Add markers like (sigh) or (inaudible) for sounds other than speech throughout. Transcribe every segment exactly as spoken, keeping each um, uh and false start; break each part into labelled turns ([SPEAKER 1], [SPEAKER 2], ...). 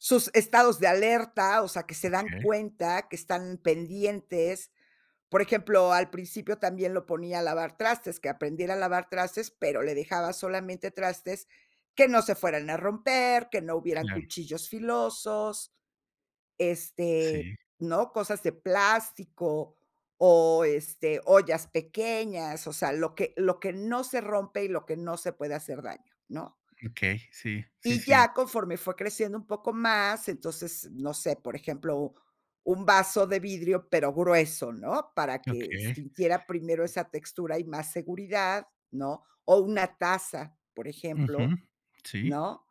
[SPEAKER 1] Sus estados de alerta, o sea, que se dan
[SPEAKER 2] Okey.
[SPEAKER 1] cuenta que están pendientes. Por ejemplo, al principio, también lo ponía a lavar trastes, que aprendiera a lavar trastes, pero le dejaba solamente trastes que no se fueran a romper, que no hubieran
[SPEAKER 2] Claro.
[SPEAKER 1] cuchillos filosos, este,
[SPEAKER 2] Sí.
[SPEAKER 1] ¿no? Cosas de plástico o, este, ollas pequeñas, o sea, lo que lo que no se rompe y lo que no se puede hacer daño, ¿no?
[SPEAKER 2] Okey, sí. Sí,
[SPEAKER 1] Y
[SPEAKER 2] sí.
[SPEAKER 1] ya, conforme fue creciendo un poco más, entonces, no sé, por ejemplo, un vaso de vidrio, pero grueso, ¿no? Para que
[SPEAKER 2] Okey.
[SPEAKER 1] sintiera primero esa textura y más seguridad, ¿no? O una taza, por ejemplo,
[SPEAKER 2] Ujú. Sí.
[SPEAKER 1] ¿no?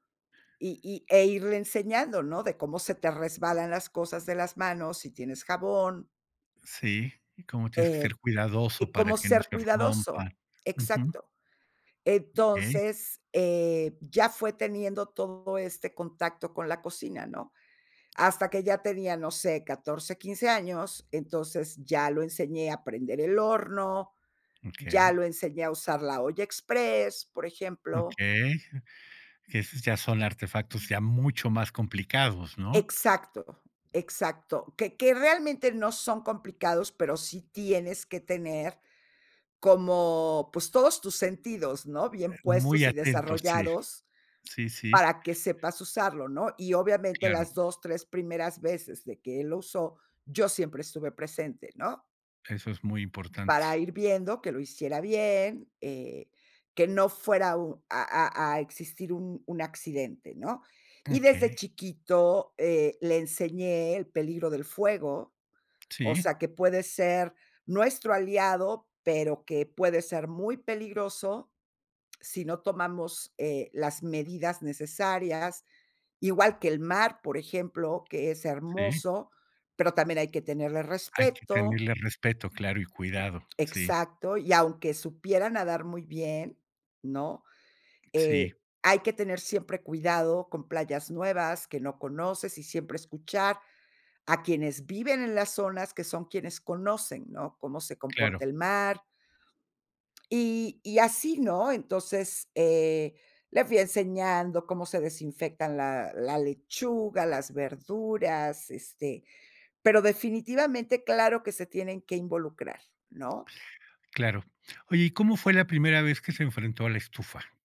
[SPEAKER 1] Y y, e irle enseñando, ¿no? De cómo se te resbalan las cosas de las manos, si tienes jabón.
[SPEAKER 2] Sí, y como tienes que
[SPEAKER 1] Eh,
[SPEAKER 2] ser cuidadoso, para
[SPEAKER 1] como
[SPEAKER 2] que no
[SPEAKER 1] ser
[SPEAKER 2] se
[SPEAKER 1] cuidadoso.
[SPEAKER 2] rompan. Ujú.
[SPEAKER 1] Exacto.
[SPEAKER 2] Okey.
[SPEAKER 1] Entonces, eh, ya fue teniendo todo este contacto con la cocina, ¿no? Hasta que ya tenía, no sé, catorce, quince años, entonces ya lo enseñé a prender el horno, ya lo
[SPEAKER 2] Okey.
[SPEAKER 1] enseñé a usar la olla exprés, por
[SPEAKER 2] Okey.
[SPEAKER 1] ejemplo.
[SPEAKER 2] (chuckles) Esos ya son artefactos ya mucho más complicados, ¿no?
[SPEAKER 1] Exacto, exacto, que que realmente no son complicados, pero sí tienes que tener como, pues, todos tus sentidos, ¿no? Bien
[SPEAKER 2] Eh, muy
[SPEAKER 1] puestos y
[SPEAKER 2] atento, sí,
[SPEAKER 1] desarrollados,
[SPEAKER 2] sí, sí.
[SPEAKER 1] para que sepas usarlo, ¿no? Y, obviamente,
[SPEAKER 2] Claro.
[SPEAKER 1] las dos, tres primeras veces de que él lo usó, yo siempre estuve presente, ¿no?
[SPEAKER 2] Eso es muy importante.
[SPEAKER 1] Para ir viendo que lo hiciera bien, eh, que no fuera u a a a existir un un accidente, ¿no? Y desde
[SPEAKER 2] Okey.
[SPEAKER 1] chiquito, eh, le enseñé el peligro del fuego, o
[SPEAKER 2] Sí.
[SPEAKER 1] sea, que puede ser, nuestro aliado, pero que puede ser muy peligroso si no tomamos, eh, las medidas necesarias. Igual que el mar, por ejemplo, que es
[SPEAKER 2] Sí.
[SPEAKER 1] hermoso, pero también hay que tenerle
[SPEAKER 2] Hay que
[SPEAKER 1] respeto.
[SPEAKER 2] tenerle respeto, claro y cuidado, sí.
[SPEAKER 1] Exacto. Y aunque supiera nadar muy bien, ¿no?
[SPEAKER 2] Sí.
[SPEAKER 1] Eh, hay que tener siempre cuidado con playas nuevas que no conoces, y siempre escuchar a quienes viven en las zonas, que son quienes conocen, ¿no? Cómo se
[SPEAKER 2] Claro.
[SPEAKER 1] comporta el mar. Y y así, ¿no? Entonces, eh, le fui enseñando cómo se desinfectan la la lechuga, las verduras, este, pero, definitivamente, claro que se tienen que involucrar, ¿no?
[SPEAKER 2] Claro. Oye, ¿y cómo fue la primera vez que se enfrentó a la estufa?